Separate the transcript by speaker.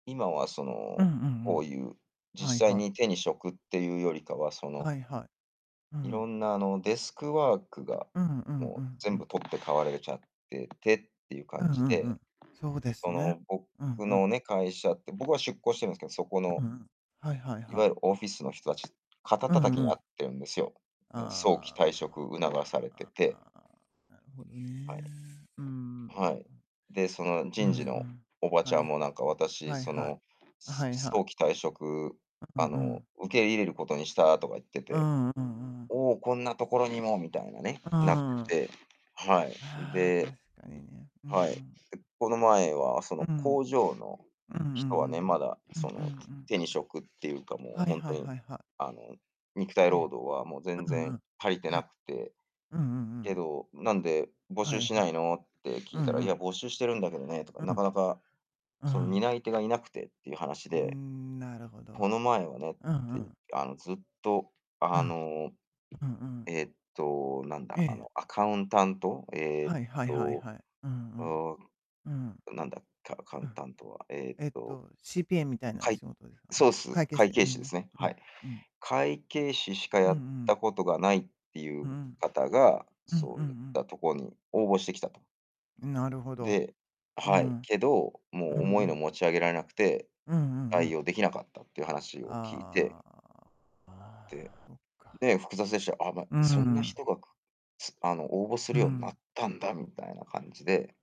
Speaker 1: 今は、そ
Speaker 2: うんう
Speaker 1: の、
Speaker 2: んう
Speaker 1: こう
Speaker 2: ん。
Speaker 1: いう、
Speaker 2: はい
Speaker 1: 実際
Speaker 2: はい。
Speaker 1: に手に職っていうよりかは、その
Speaker 2: はいはい。う
Speaker 1: 色
Speaker 2: ん。
Speaker 1: んなあの、デスクワークが
Speaker 2: うんうん
Speaker 1: も
Speaker 2: う
Speaker 1: う
Speaker 2: んう
Speaker 1: 全
Speaker 2: ん。
Speaker 1: 部取って代われれちゃっててっていう
Speaker 2: うん
Speaker 1: 感
Speaker 2: う
Speaker 1: じ
Speaker 2: んう
Speaker 1: で、
Speaker 2: ん。そうです
Speaker 1: そ
Speaker 2: ね。
Speaker 1: の、僕
Speaker 2: うんうん。
Speaker 1: のね、会社って僕は出向してるんですけど、そこ
Speaker 2: う
Speaker 1: の
Speaker 2: うん、はいはい
Speaker 1: い
Speaker 2: は
Speaker 1: わゆ
Speaker 2: い。
Speaker 1: るオフィスの人達、肩
Speaker 2: う
Speaker 1: 叩き
Speaker 2: んう
Speaker 1: にあっ
Speaker 2: ん。
Speaker 1: てるんですよ。ね、早期
Speaker 2: あ
Speaker 1: 退職
Speaker 2: あ、あ
Speaker 1: 促さ
Speaker 2: あ
Speaker 1: れて
Speaker 2: ああ
Speaker 1: て。
Speaker 2: あ、なるほどね。
Speaker 1: はい。
Speaker 2: うんうんう
Speaker 1: は
Speaker 2: ん。
Speaker 1: い。で、その
Speaker 2: うんう
Speaker 1: 人事の
Speaker 2: ん。
Speaker 1: おばち
Speaker 2: は
Speaker 1: ゃ
Speaker 2: い、
Speaker 1: ん
Speaker 2: は。
Speaker 1: もなんか、私、
Speaker 2: はい
Speaker 1: そ
Speaker 2: はい。
Speaker 1: の、
Speaker 2: あ、
Speaker 1: す
Speaker 2: はい、は。
Speaker 1: 早期退職、
Speaker 2: うう、
Speaker 1: あ
Speaker 2: う
Speaker 1: の、
Speaker 2: ん。
Speaker 1: 受け入れることにしたとか言って
Speaker 2: う
Speaker 1: て。
Speaker 2: んうんうん。
Speaker 1: おお、こんなところにも、みたいなね、
Speaker 2: うう
Speaker 1: なって
Speaker 2: んうん。
Speaker 1: て。はい。
Speaker 2: ああ、
Speaker 1: で
Speaker 2: 確かにね。うんう
Speaker 1: はい。で、
Speaker 2: ん。
Speaker 1: この前はそ
Speaker 2: う
Speaker 1: の
Speaker 2: う
Speaker 1: 工
Speaker 2: ん。
Speaker 1: 場の
Speaker 2: うんうん
Speaker 1: 人はね、まだ
Speaker 2: うん。う
Speaker 1: そ
Speaker 2: んうん
Speaker 1: の
Speaker 2: うん。
Speaker 1: 手に職っていうかも
Speaker 2: は
Speaker 1: う
Speaker 2: い
Speaker 1: ほん
Speaker 2: は
Speaker 1: と
Speaker 2: い
Speaker 1: に
Speaker 2: はいは。
Speaker 1: あの、肉体
Speaker 2: え
Speaker 1: 労
Speaker 2: え、
Speaker 1: 働はもう全
Speaker 2: ううん
Speaker 1: 然
Speaker 2: うん、
Speaker 1: 足りて
Speaker 2: は
Speaker 1: な
Speaker 2: い。
Speaker 1: くて。
Speaker 2: うんうんうん
Speaker 1: け
Speaker 2: うん。
Speaker 1: ど、なんで募
Speaker 2: は
Speaker 1: 集
Speaker 2: い
Speaker 1: しな
Speaker 2: は
Speaker 1: いのって聞
Speaker 2: う
Speaker 1: いた
Speaker 2: ん
Speaker 1: ら、
Speaker 2: う
Speaker 1: いや
Speaker 2: ん。
Speaker 1: 募集してるんだけどねとか、
Speaker 2: うう
Speaker 1: なか
Speaker 2: ん。
Speaker 1: なか
Speaker 2: う
Speaker 1: その
Speaker 2: ん。
Speaker 1: 担い手がいなくてっていう話
Speaker 2: うー
Speaker 1: で。
Speaker 2: ん、なるほど。
Speaker 1: この前はね、
Speaker 2: うんう
Speaker 1: てい
Speaker 2: ん。
Speaker 1: あのずっと
Speaker 2: う
Speaker 1: あ
Speaker 2: ん。
Speaker 1: の、
Speaker 2: うんうん。
Speaker 1: えっと、なんだ、あ
Speaker 2: え
Speaker 1: の
Speaker 2: え。
Speaker 1: アカウンタント、えっ
Speaker 2: はいはいはい
Speaker 1: と、
Speaker 2: はい。うん
Speaker 1: お
Speaker 2: うん。うん。
Speaker 1: なんだカカウ
Speaker 2: う
Speaker 1: ン
Speaker 2: ん。
Speaker 1: タントは、えっ
Speaker 2: えっ
Speaker 1: と。
Speaker 2: と、CPA みたいな
Speaker 1: はい。
Speaker 2: 仕事ですか。あ、
Speaker 1: そうす。
Speaker 2: 会計
Speaker 1: 会
Speaker 2: 士う
Speaker 1: 計士です
Speaker 2: ん、
Speaker 1: ね、
Speaker 2: う
Speaker 1: はい。
Speaker 2: ん、うん。
Speaker 1: 会計士しか
Speaker 2: うん
Speaker 1: や
Speaker 2: う
Speaker 1: っ
Speaker 2: ん。
Speaker 1: たことがないってい
Speaker 2: う
Speaker 1: う
Speaker 2: ん。
Speaker 1: 方が、
Speaker 2: うん
Speaker 1: そ
Speaker 2: うん
Speaker 1: う
Speaker 2: う
Speaker 1: ゆっ
Speaker 2: ん。
Speaker 1: たところに応募してきたと。
Speaker 2: んなるほど。
Speaker 1: で
Speaker 2: う
Speaker 1: は
Speaker 2: ん。
Speaker 1: い、
Speaker 2: うん
Speaker 1: けど、も
Speaker 2: う
Speaker 1: う重いの
Speaker 2: ん。
Speaker 1: 持ち上げられなくて、
Speaker 2: うんうんう
Speaker 1: 対
Speaker 2: ん。
Speaker 1: 応できなかったっていう話を聞いて。
Speaker 2: あああ
Speaker 1: で
Speaker 2: あ、そっか。
Speaker 1: で、複雑でした。あ、ま、
Speaker 2: うー
Speaker 1: そんな
Speaker 2: ん。
Speaker 1: 人がくすあの応募す
Speaker 2: う
Speaker 1: るようになっ
Speaker 2: ん。
Speaker 1: たんだみたいな感じで。